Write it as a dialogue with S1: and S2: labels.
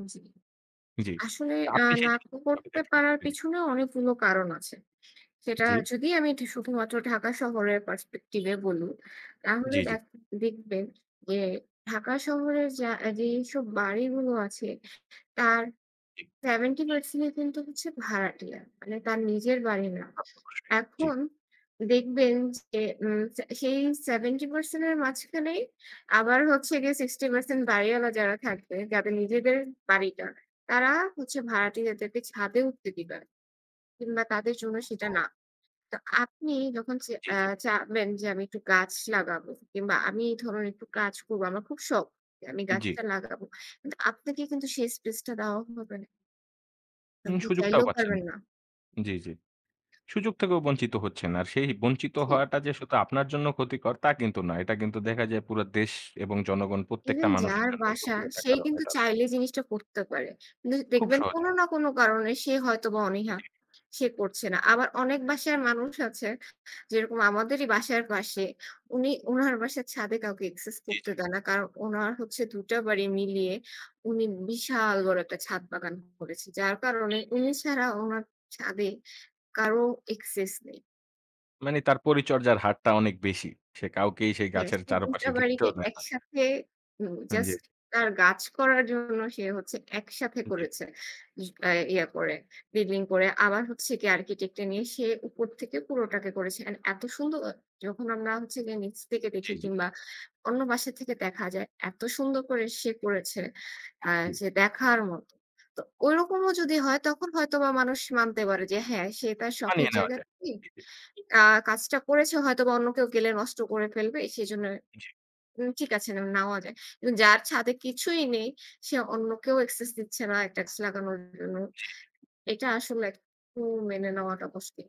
S1: উ জি।
S2: জি,
S1: আসলে, আ
S2: আপনি
S1: নাতো করতে পারার
S2: [unintelligible]
S1: পিছনে অনেকগুলো কারণ আছে। সেটা
S2: জি,
S1: যদি আমি এটি শুধুমাত্র ঢাকা শহরের পারসপেক্টিবে বলি, তাহলে
S2: জি, জি।
S1: দেখ দেখবেন যে ঢাকা শহরের যা যেইসব বাড়িগুলো আছে তার
S2: জি,
S1: ৭০% কিন্তু হচ্ছে ভাড়াটিয়া, মানে তার নিজের বাড়ি না।
S2: অবশ্যই জি।
S1: এখন দেখবেন যে, উম সে সেই ৭০% এর মাঝখানেই আবার হচ্ছে গিয়ে ৬০% বাড়িওয়ালা যারা থাকবে যাদের নিজেদের বাড়িটা, তারা হচ্ছে ভাড়াটিয়াদেরকে ছাদে উঠতে দিবে না কিংবা তাদের জন্য সেটা
S2: [unintelligible]
S1: না। তো আপনি যখন চে
S2: জি,
S1: অ্যা
S2: জি।
S1: চাইবেন যে আমি একটু গাছ লাগাবো কিংবা আমি এই ধরনের একটু কাজ করবো, আমার খুব শখ যে আমি
S2: জি।
S1: গাছটা লাগাবো, কিন্তু আপনাকে কিন্তু সেই স্পেসটা দেওয়া হবে না।
S2: হুম
S1: আপনি
S2: সুযোগটাও
S1: চাইলেও
S2: পাচ্ছেন।
S1: পারবেন না।
S2: জি, জি। সুযোগ থেকেও বঞ্চিত হচ্ছেন। আর সেই বঞ্চিত
S1: জি।
S2: হওয়াটা যে শুধু আপনার জন্য ক্ষতিকর তা কিন্তু না। এটা কিন্তু দেখা যায় পুরো দেশ এবং জনগণ প্রত্যেকটা
S1: ইভেন
S2: মানুষের
S1: যার
S2: জন্য এই
S1: বাসা
S2: ক্ষতিকর একটা
S1: সে
S2: কারণ
S1: কিন্তু
S2: হয়ে দাঁড়ায়।
S1: চাইলে জিনিসটা করতে পারে। কিন্তু
S2: খুব
S1: দেখবেন কোন
S2: সহজেই।
S1: না কোন কারণে সে হয়তোবা অনীহা,
S2: জি।
S1: সে করছে না। আবার অনেক বাসার মানুষ আছে, যেরকম আমাদেরই বাসার পাশে, উনি উনার বাসার ছাদে কাউকে একসেস
S2: জি,
S1: করতে
S2: জি।
S1: দেয় না। কারণ উনার হচ্ছে ২ টা বাড়ি মিলিয়ে উনি বিশাল বড় একটা ছাদ বাগান করেছে। যার কারণে উনি ছাড়া উনার ছাদে কারো একসেস নেই।
S2: মানে তার পরিচর্যার হারটা অনেক বেশি। সে কাউকেই সেই
S1: হ্যাঁ
S2: গাছের
S1: তো ২টা
S2: চারপাশে
S1: বাড়িকে
S2: ঘিরতেও দেয় না।
S1: একসাথে, উম
S2: হুম, জি।
S1: জাস্ট তার গাছ করার জন্য সে হচ্ছে একসাথে
S2: জি।
S1: করেছে, ই কায় ইয়া করে বিল্ডিং করে। আবার হচ্ছে গিয়ে আর্কিটেক্ট-এ নিয়ে সে উপর থেকে পুরোটাকে করেছে এন্ড এত সুন্দর! যখন আমরা হচ্ছে গিয়ে নিচ থেকে
S2: জি,
S1: দেখি
S2: জি।
S1: কিংবা অন্য বাসা থেকে দেখা যায়, এত সুন্দর করে সে করেছে, আ
S2: হু,
S1: যে দেখার মতো। তো ওইরকমও যদি হয় তখন হয়তোবা মানুষ মানতে পারে যে হ্যাঁ, সে তার শখের
S2: মানিয়ে নেওয়া
S1: জায়গা
S2: যায়।
S1: তে,
S2: জি, জি।
S1: আ কাজটা করেছে। হয়তোবা অন্য কেউ গেলে নষ্ট করে ফেলবে, সেজন্য
S2: জি।
S1: হুম ঠিক আছে, না, নেওয়া যায়। কিন্তু যার ছাদে কিছুই নেই, সে অন্য কেউ একসেস দিচ্ছে না একটা গাছ লাগানোর জন্য,
S2: জি।
S1: এটা আসলে খুব মেনে নেওয়াটা কষ্টের।